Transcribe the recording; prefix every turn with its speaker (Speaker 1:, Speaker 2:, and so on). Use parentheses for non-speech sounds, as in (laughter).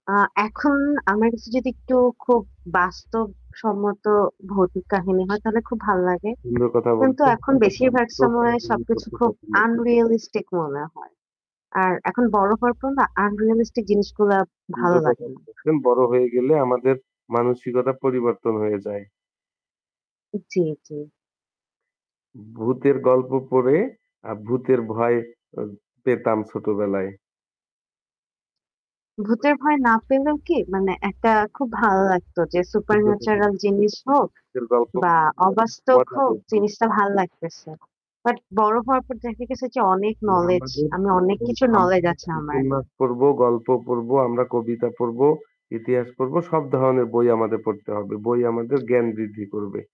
Speaker 1: আ এখন আমার কাছে যদি একটু খুব বাস্তবসম্মত ভৌতিক কাহিনী হয় তাহলে খুব ভাল লাগে।
Speaker 2: সুন্দর কথা
Speaker 1: কিন্তু
Speaker 2: বলতে
Speaker 1: এখন বেশিরভাগ সময় সবকিছু
Speaker 2: (unintelligible)
Speaker 1: খুব
Speaker 2: পছন্দ।
Speaker 1: আনরিয়ালিস্টিক মনে হয়। আর এখন বড় হওয়ার পর না, আনরিয়ালিস্টিক জিনিসগুলা ভালো
Speaker 2: সুন্দর কথা
Speaker 1: লাগে না।
Speaker 2: বলছেন বড় হয়ে গেলে আমাদের মানসিকতার পরিবর্তন হয়ে যায়।
Speaker 1: উ জ্বী, জ্বী।
Speaker 2: ভূতের গল্প পড়ে আর ভূতের ভয় আ পেতাম ছোটবেলায়।
Speaker 1: ভূতের ভয় না পেলেও কি মানে একটা খুব ভালো লাগতো। যে সুপার
Speaker 2: সুন্দর কথা
Speaker 1: ন্যাচারাল
Speaker 2: বলেছেন
Speaker 1: জিনিস হোক
Speaker 2: কিন্তু অল্প
Speaker 1: বা
Speaker 2: (unintelligible)
Speaker 1: অবাস্তব
Speaker 2: মজা
Speaker 1: হোক,
Speaker 2: পাইতাম।
Speaker 1: জিনিসটা ভাল লাগতেছে। বাট বড় হওয়ার পর দেখা গেছে, যে অনেক
Speaker 2: জ্বী,
Speaker 1: নলেজ
Speaker 2: আমাদের
Speaker 1: আমি অনেক
Speaker 2: উম
Speaker 1: কিছু নলেজ
Speaker 2: আমাদের
Speaker 1: আছে আমার।
Speaker 2: উপন্যাস পড়ব, গল্প পড়ব, আমরা কবিতা পড়ব, ইতিহাস পড়ব। সব ধরনের বই আমাদের পড়তে হবে। বই আমাদের জ্ঞান বৃদ্ধি করবে।